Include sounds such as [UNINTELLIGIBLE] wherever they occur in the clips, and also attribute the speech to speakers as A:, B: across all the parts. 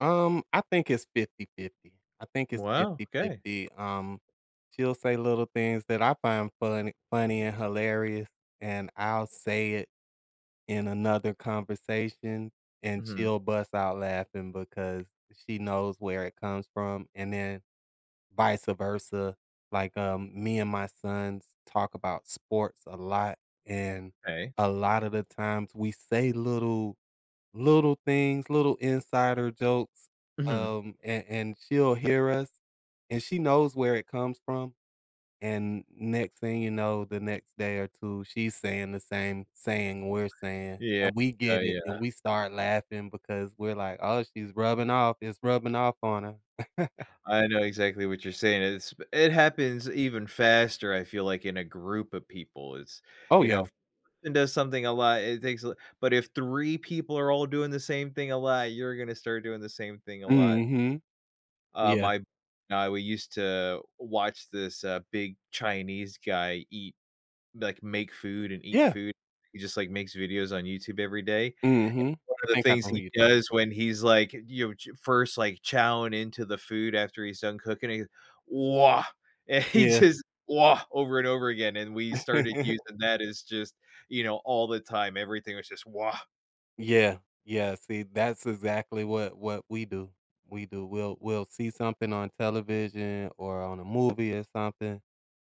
A: Um, I think it's 50/50, I think it's
B: Wow, okay.
A: 50/50, um, she'll say little things that I find funny funny and hilarious, and I'll say it in another conversation, and
B: Mhm.
A: she'll bust out laughing because she knows where it comes from, and then vice-versa, like, um, me and my sons talk about sports a lot, and
B: 'Kay.
A: a lot of the times, we say little little things, little insider jokes,
B: Mhm.
A: um, and and she'll hear us, and she knows where it comes from, and next thing you know, the next day or two she's saying the same saying we're saying,
B: Yeah,
A: and we get it,
B: yeah.
A: and we start laughing because we're like, "Oh, she's rubbing off It's rubbing off on her." [CHUCKLES]
B: I know exactly what you're saying. It's b it happens even faster, I feel like, in a group of people. It's
A: Oh,
B: you know,
A: yeah.
B: if [UNINTELLIGIBLE] does something a lot, it takes a But if 3 people are all doing the same thing a lot, you're gonna start doing the same thing a lot.
A: Mhm,
B: Uh,
A: yeah.
B: my now we used to watch this, uh, big Chinese guy eat like, make food and eat
A: Yeah.
B: food. He just, like, makes videos on YouTube every day, and
A: Mhm.
B: one
A: I
B: of the
A: think I
B: things
A: know who
B: he
A: you're talking
B: does
A: about.
B: when he's, like, you ch first, like, chowing into the food after he's done cooking, he, "Wah," and he
A: Yeah.
B: just wah over and over again, and we started
A: [LAUGHS]
B: using that as just, you know, all the time. Everything was just wah.
A: Yeah, yeah, see, that's exactly what what we do We do. We'll we'll see something on television or on a movie or something,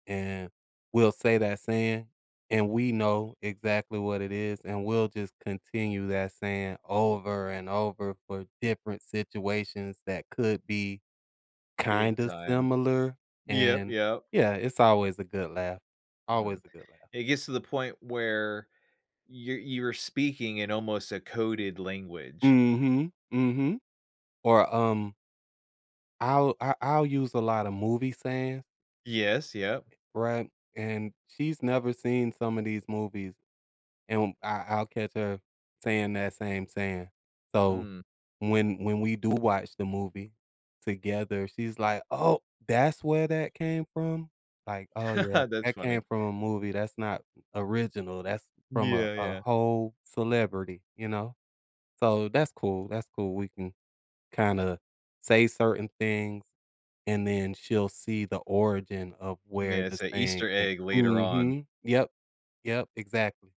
A: and we'll say that saying, and we know exactly what it is, and we'll just continue that saying over and over for different situations that could be
B: Big
A: kind of
B: time,
A: similar,
B: yep,
A: and,
B: yep.
A: yeah, it's always a good laugh, always
B: Mhm.
A: a good laugh.
B: It gets to the point where you're you're were speaking in almost a coded language.
A: Mhm. Mhm. Or, um I'll I I'll use a lot of movie sayings
B: Yes, yep.
A: E Right, and she's never seen some of these movies, and I I'll catch her saying that same saying, so
B: Mm.
A: when when we do watch the movie together, she's like, "Oh, that's where that came from?" Like, "Oh, yeah,
B: [CHUCKLES] That's
A: that came
B: funny.
A: from a movie, that's not original. That's from a
B: Yeah.
A: a
B: Yeah.
A: whole celebrity," you know? So that's cool, that's cool, we can kinda say certain things, and then she'll see the origin of where
B: Yeah.
A: the
B: It's a
A: saying
B: Easter
A: came
B: egg later on.
A: Mhm, yep, yep, exactly.